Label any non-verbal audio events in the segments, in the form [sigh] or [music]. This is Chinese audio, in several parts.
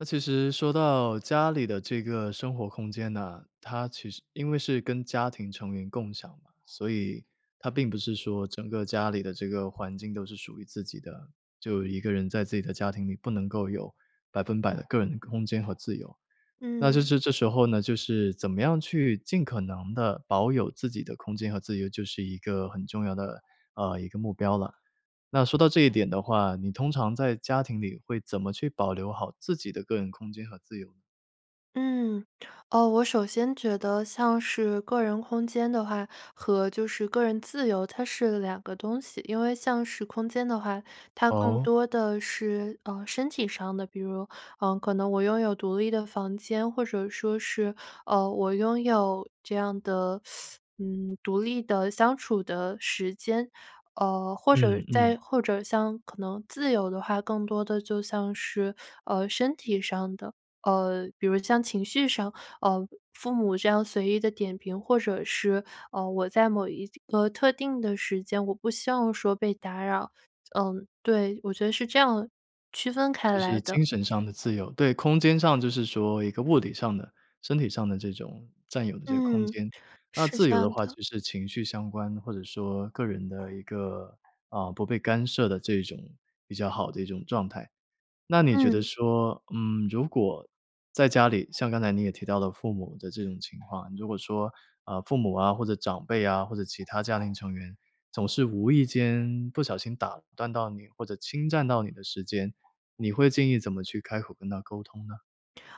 那其实说到家里的这个生活空间呢，它其实因为是跟家庭成员共享嘛，所以它并不是说整个家里的这个环境都是属于自己的。就一个人在自己的家庭里不能够有100%的个人的空间和自由，那就嗯。是这时候呢，就是怎么样去尽可能地保有自己的空间和自由就是一个很重要的，呃，一个目标了。那说到这一点的话，你通常在家庭里会怎么去保留好自己的个人空间和自由呢？嗯，哦，我首先觉得像是个人空间的话和就是个人自由，它是两个东西。因为像是空间的话，它更哦？多的是，呃，身体上的，比如，呃，可能我拥有独立的房间，或者说是，呃，我拥有这样的 [sucks teeth] 嗯，独立的相处的时间。呃，或者嗯嗯。再或者像可能自由的话，更多的就像是，呃，身体上的，呃，比如像情绪上，呃，父母这样随意地点评或者是，呃，我在某一个特定的时间，我不希望说被打扰。嗯，对，我觉得是这样，区分开就来是的。精神上的自由，对，空间上就是说一个物理上的、身体上的这种占有的这个空嗯，间。那是自这由的样话的。就是情绪相关，或者说个人的一个啊，不被干涉的这种比较好的一种状态。那你觉得嗯。说，嗯，如果在家里像刚才你也提到了父母的这种情况，如果说啊，父母啊，或者长辈啊，或者其他家庭成员，总是无意间不小心打断到你或者侵占到你的时间，你会建议怎么去开口跟他沟通呢？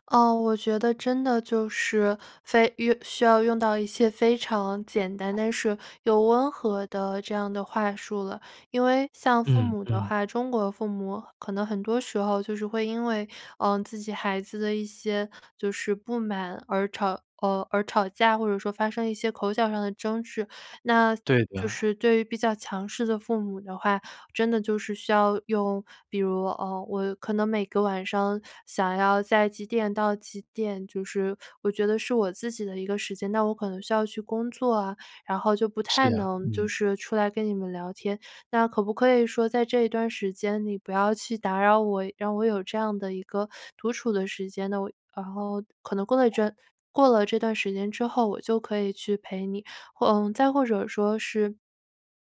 呃，我觉得真的就是非遇需要用到一些非常简单但是又温和的这样的话术了。因为像父嗯母的嗯。话，中国父母可能很多时候就是会因为，呃，自己孩子的一些就是不满而吵呃，而吵架，或者说发生一些口角上的争执。那对就的。是对于比较强势的父母的话，真的就是需要用，比如，呃，我可能每个晚上想要在几点到几点，就是我觉得是我自己的一个时间，那我可能需要去工作啊，然后就不是太呀，能就嗯。是出来跟你们聊天。那可不可以说在这一段时间，你不要去打扰我，让我有这样的一个独处的时间。那我然后可能过了一阵过了这段时间之后，我就可以去陪你，或呃，再或者说是，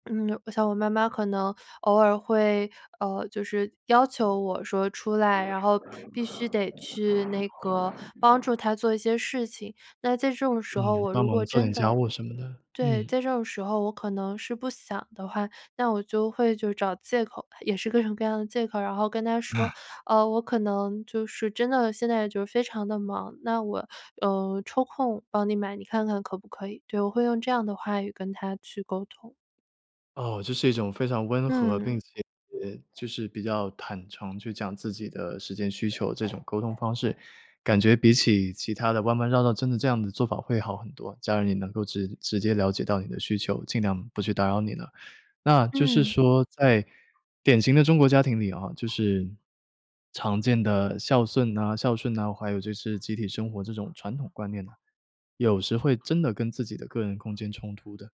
嗯，我想我妈妈可能偶尔会，呃，就是要求我说出来，然后必须得去那个帮助她做一些事情。那在这种时嗯，候我帮如果忙做真点的家务什么的，对，嗯。在这种时候我可能是不想的话，那我就会就找借口吧，也是各种各样的借口。然后跟她说，啊。呃，我可能就是真的现在就是非常地忙，那我，呃，抽空帮你买你看看可不可以？对，我会用这样的话语跟她去沟通。哦，这是一种非常温和并嗯。且就是比较坦诚去讲自己的时间需求这种沟通方式，感觉比起其它的弯弯绕道真的这样的做法会好很多，家人也能够直直接了解到你的需求，尽量不去打扰你呢。那就是嗯。说在典型的中国家庭里啊，就是常见的孝顺呐孝顺呐，还有就是集体生活这种传统观念呢，有时会真的跟自己的个人空间冲突的。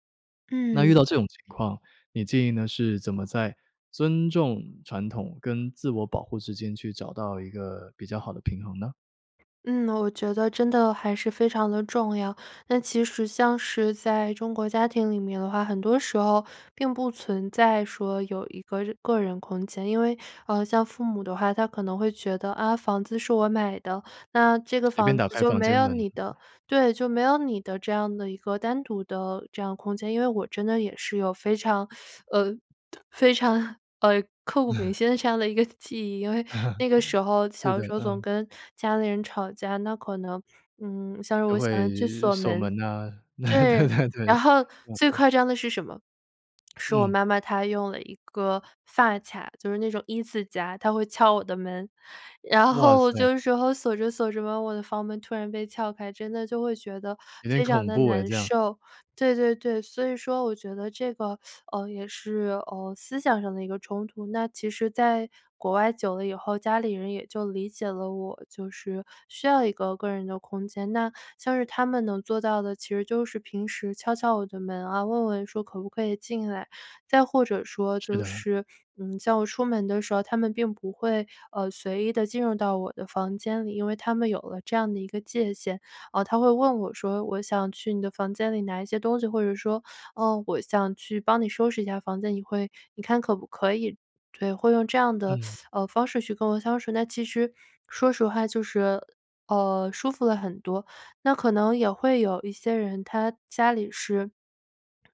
那遇嗯。到这种情况，你建议呢是怎么在尊重传统跟自我保护之间去找到一个比较好的平衡呢？嗯，我觉得真的还是非常的重要。那其实像是在中国家庭里面的话，很多时候并不存在说有一个日个人空间，因为，呃，像父母的话，他可能会觉得：“啊，房子是我买的，那这个随便房打子开就房没间有门。你的对，就没有你的这样的一个单独的这样空间“。因为我真的也是有非 [sucks teeth] 呃，非常，呃，刻骨铭嗯。心的这样的一个记忆。因为 [chuckles] 那个时候是小的，的时候总嗯。跟家里人吵架，那可能嗯，像是就我喜欢去会锁锁门门呐，对对。对对。然后，最嗯。夸张的是什么？是我嗯。妈妈她用了一个发卡，就是那种一字夹，她会撬我的门，然哇后塞。就有时候锁着锁着吧，我的房门突然被撬开，真的就会觉得有点非常恐地怖哎难这样。受。对对对，所以说我觉得这个，[sucks teeth] 呃，也是，呃，思想上的一个冲突。那其实在国外久了以后，家里人也就理解了我就是需要一个个人的空间，那像是他们能做到的，其实就是平时敲敲我的门啊，问问说可不可以进来。再或者说是就的。是，嗯，在我出门的时候他们并不会，呃，随意地进入到我的房间里，因为他们有了这样的一个界限，呃，他会问我说我想去你的房间里拿一些东西，或者说，呃，我想去帮你收拾一下房间你会你看可不可以？对，会用这样的，嗯。[sucks teeth] 呃，方式去跟我相处。那其实说实话就是，呃，舒服了很多。那可能也会有一些人他家里是，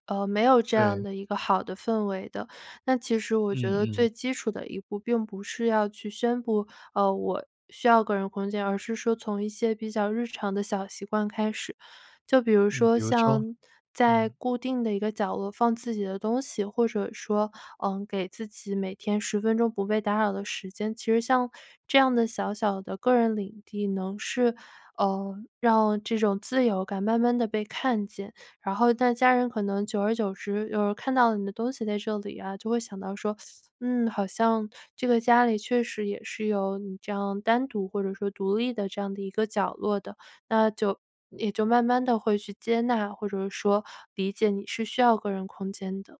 呃，没有这样对。的一个好的氛围的，那其实我觉嗯得嗯。最基础的一步并不是要去宣布，呃，我需要个人空间，而是说从一些比较日常的小习惯开始，就比如嗯，说比如说？像在嗯。固定的一个角落放自己的东西，或者说，呃，给自己每天10分钟不被打扰的时间，其实像这样的小小的个人领地能是，呃，让这种自由感慢慢地被看见，然后那家人可能久而久之，有人看到你的东西在这里啊，就会想到说：[sucks teeth] “嗯，好像这个家里确实也是有你这样单独或者说独立的这样的一个角落的”，那就也就慢慢地会去接纳，或者是说理解你是需要个人空间的。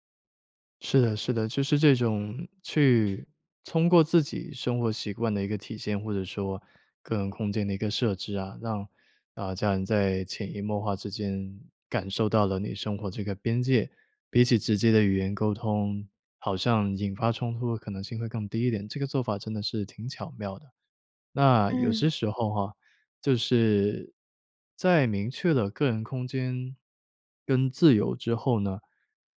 是的是的，就是这种去通过自己生活习惯的一个体现，或者说个人空间的一个设置啊，让呃，家人在潜移默化之间，感受到了你生活这个边界。比起直接的语言沟通，好像引发冲突的可能性会更低一点，这个做法真的是挺巧妙的。那有些嗯。时候哈，就是在明确的个人空间跟自由之后呢，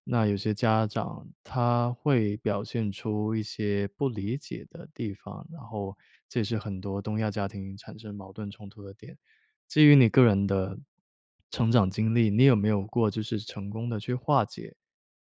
那有些家长他会表现出一些不理解的地方，然后这也是很多东亚家庭产生矛盾冲突的点。基于你个人的成长经历，你有没有过就是成功地去化解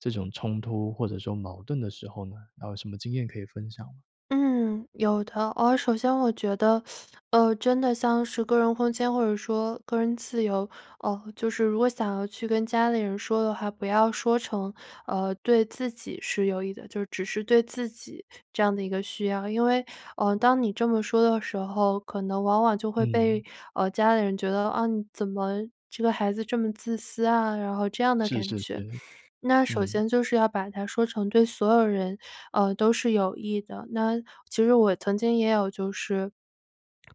这种冲突或者说矛盾的时候呢？然后有什么经验可以分享吗？嗯，有的。哦，首先我觉得 [sucks teeth] 呃，真的像是个人空间或者说个人自由呃，就是如果想要去跟家里人说的话，不要说成，呃，对自己是有益的，就只是对自己这样的一个需要。因为呃，当你这么说的时候，可能往往就会嗯。被，呃，家里人觉得：“啊，你怎么这个孩子这么自私啊？”然后这样的是感是觉。是，那首嗯。先就是要把它说成对所有人，呃，都是有益的。那其实我曾经也有就是，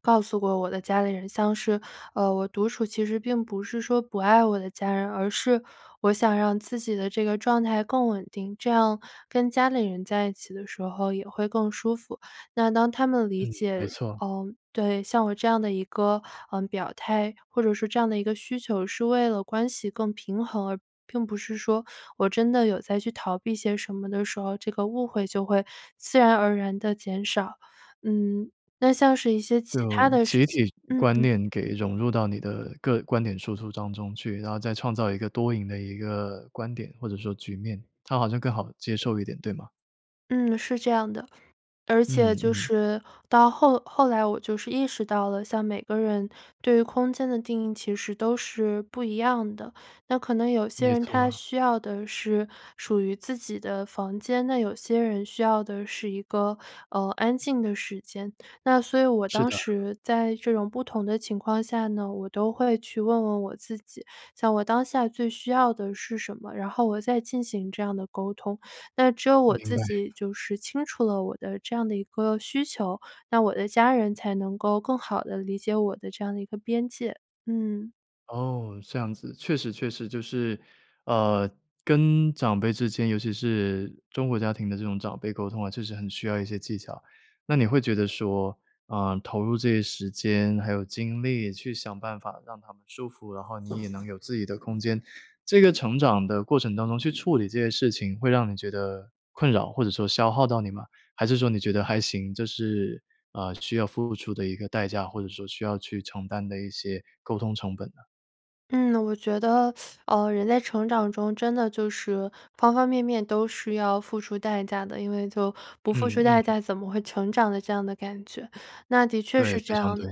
告诉过我的家里人，像是，呃，我独处其实并不是说不爱我的家人，而是，我想让自己的这个状态更稳定，这样跟家里人在一起的时候也会更舒服。那当他们理嗯，没解错。呃，对，像我这样的一个，嗯，表态，或者说这样的一个需求是为了关系更平衡，而并不是说，我真的有在去逃避些什么的时候，这个误会就会自然而然地减少。嗯，那像是一些其就他的事集情体嗯观嗯。念给融入到你的个观点输出当中去，然后再创造一个多赢的一个观点，或者说局面，他好像更好接受一点，对吗？嗯，是这样的。而且嗯就嗯。是到后后来我就是意识到了，像每个人对于空间的定义其实都是不一样的。那可能有些没人他错。需要的是属于自己的房间，那有些人需要的是一个，呃，安静的时间。那所以我是当的。时在这种不同的情况下呢，我都会去问问我自己，像我当下最需要的是什么，然后我再进行这样的沟通。那只有我明自白。己就是清楚了我的这样的一个需求，那我的家人才能够更好地理解我的这样的一个边界。嗯。哦，这样子。确实确实就是，呃，跟长辈之间，尤其是中国家庭的这种长辈沟通啊，确实很需要一些技巧。那你会觉得说，呃，投入这些时间还有精力去想办法让他们舒服，然后你也能有自己的空间，这个成长的过程当中去处理这些事情，会让你觉得困扰或者说消耗到你吗？还是说你觉得还行，这是，呃，需要付出的一个代价，或者说需要去承担的一些沟通成本呢？嗯，我觉得，[sucks teeth] 呃，人在成长中真的就是方方面面都是要付出代价的，因为就不付嗯出代嗯。价怎么会成长的这样的感觉，那的确对，是非这常样。对。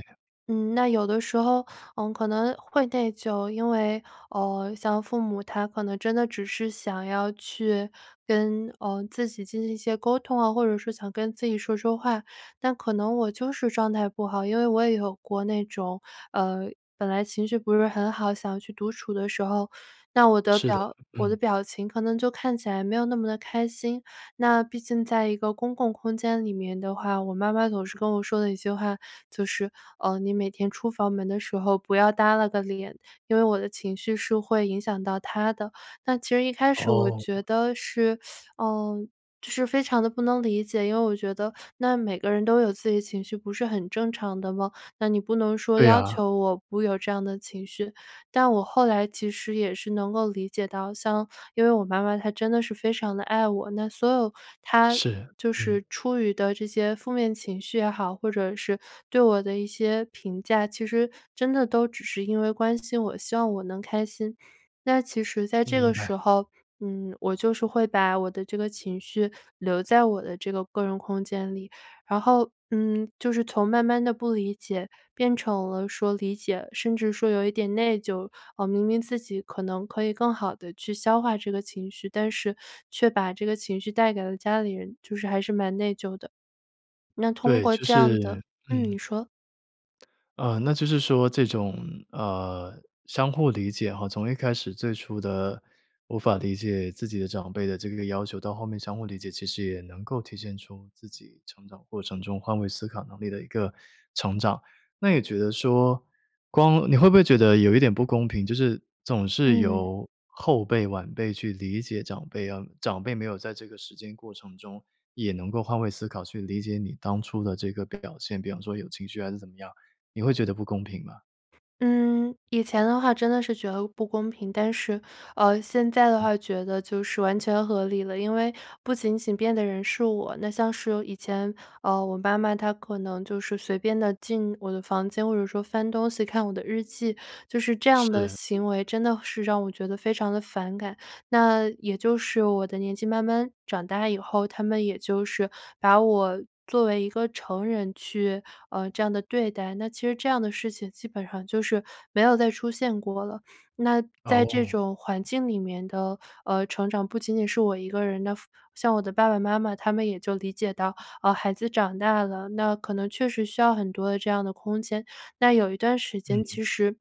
嗯，那有的时候，嗯，可能会内疚，因为，呃，像父母他可能真的只是想要去跟，呃，自己进行一些沟通哦，或者是想跟自己说说话，那可能我就是状态不好，因为我也有过那种，呃，本来情绪不是很好，想去独处的时候，那我的是的，表我嗯。的表情可能就看起来没有那么的开心。那毕竟在一个公共空间里面的话，我妈妈总是跟我说的一句话，就是，呃，“你每天出房门的时候不要耷拉个脸，“因为我的情绪是会影响到她的。那其实一开始我哦。觉得是 [sucks teeth] 呃，就是非常地不能理解，因为我觉得那每个人都有自己的情绪不是很正常的吗？那你不能说对要啊。求我不有这样的情绪，但我后来其实也是能够理解到像因为我妈妈她真的是非常地爱我，那所有她是，就嗯。是出于的这些负面情绪也好，或者是对我的一些评价，其实真的都只是因为关心我，希望我能开心。那其实在嗯，这明个白。时候，嗯，我就是会把我的这个情绪留在我的这个个人空间里，然后，嗯，就是从慢慢地不理解变成了说理解，甚至说有一点内疚。嗯，明明自己可能可以更好地去消化这个情绪，但是却把这个情绪带给了家里人，就是还是蛮内疚的。那通对，过就这样是的嗯，你嗯。说。呃，那就是说这种，呃，相互理解哈，从一开始最初的无法理解自己的长辈的这个要求，到后面相互理解，其实也能够体现出自己成长过程中换位思考能力的一个成长。那也觉得说光你会不会觉得有一点不公平，就是总是嗯。由后辈晚辈去理解长辈啊，长辈没有在这个时间过程中，也能够换位思考去理解你当初的这个表现，比方说有情绪还是怎么样，你会觉得不公平吗？嗯，以前的话真的是觉得不公平，但是，呃，现在的嗯。话觉得就是完全合理了。因为不仅仅变的人是我，那像是有以前，呃，我妈妈她可能就是随便地进我的房间，或者说翻东西、看我的日记，就是这样的是。嗯。行为真的是让我觉得非常地反感。那也就是我的年纪慢慢长大以后，他们也就是把我作为一个成人去，呃，这样地对待，那其实这样的事情基本上就是没有再出现过了。那在这哦。种环境里面的，呃，成长，不仅仅是我一个人的付像我的爸爸妈妈，他们也就理解到，呃，孩子长大了，那可能确实需要很多的这样的空间。那有一段时间，嗯。其实，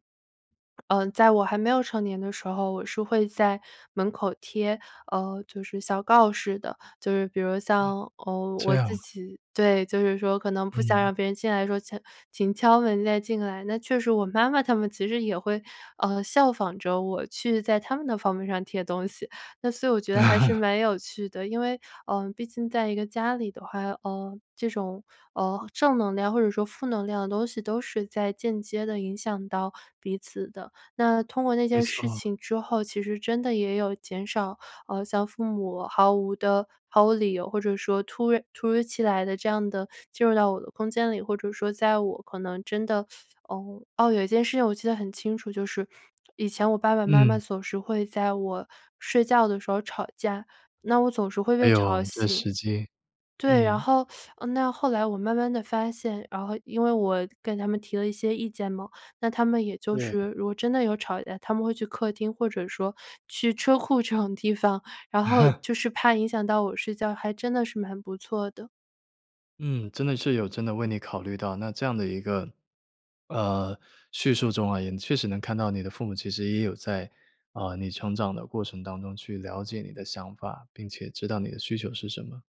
[swallows] 呃，在我还没有成年的时候，我是会在门口贴，呃，就是小告示的。就是比如啊。像，呃，这我样自啊。己对，就是说可能不想嗯。让别人进来的时候写“请敲门再进来”。那确实我妈妈他们其实也会，呃，效仿着我去在他们的房门上贴东西，那所以我觉得还是 [laughs] 蛮有趣的。因为，呃，毕竟在一个家里的话，呃，这种，呃，正能量或者说负能量的东西都是在间接地影响到彼此的。那通过那没件事错。情之后，其实真的也有减少，呃，像父母毫无地毫无理由或者说突然突如其来地这样地进入到我的空间里，或者说在我可能真的呃，哦，有一件事情我记得很清楚，就是以前我爸爸妈妈嗯。总是会在我睡觉的时候吵架，那我总是会哎被呦，吵这醒时机，对，然嗯。后 [sucks teeth] 那后来我慢慢地发现然后因为我跟他们提了一些意见嘛，那他们也就对。是，如果真的有吵架，他们会去客厅或者说去车库这种地方，然后 [laughs] 就是怕影响到我睡觉，还真的是蛮不错的。嗯，真的是有真的为你考虑到，那这样的一个，呃，叙述中啊，也确实能看到你的父母其实也有在，啊，你成长的过程当中去了解你的想法，并且知道你的需求是什么。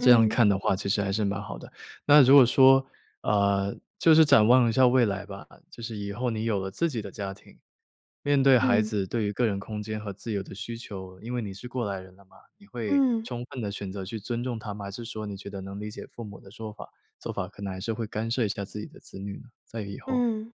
这样看的话其实还是蛮好的。那如果说，呃，就是展望一下未来吧，就是以后你有了自己的家庭，面对孩嗯。子对于个人空间和自由的需求，因为你是过来人了嘛，你会嗯。充分地选择去尊重他吗？还是说你觉得能理解父母的说法做法，可能还是会干涉一下自己的子女呢，在以后？嗯，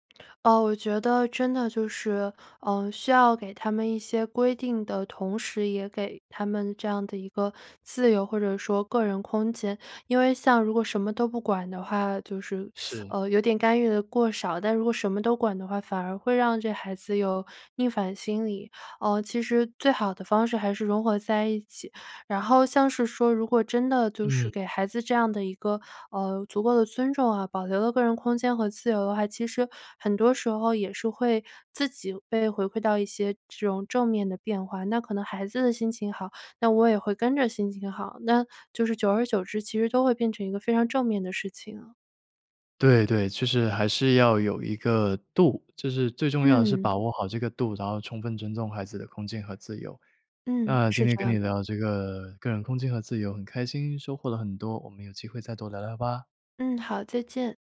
哦，我觉得真的就是，嗯，需要给他们一些规定的同时，也给他们这样的一个自由或者说个人空间。因为像如果什么都不管的话，就是，[sucks teeth] 是。呃，有点干预得过少，但如果什么都管的话，反而会让这孩子有逆反心理。呃，其实最好的方式还是融合在一起。然后像是说如果真的就是嗯。给孩子这样的一个，呃，足够的尊重啊，保留了个人空间和自由的话，其实很多时候也是会自己被回馈到一些这种正面的变化。那可能孩子的心情好，那我也会跟着心情好，那就是久而久之，其实都会变成一个非常正面的事情啊。对对，其实还是要有一个度，就是最重要的是把嗯。握好这个度，然后充分尊重孩子的空间和自由。嗯，那是今天这跟样你的。聊这个个人空间和自由很开心，收获了很多，我们有机会再多聊聊吧。嗯，好，再见。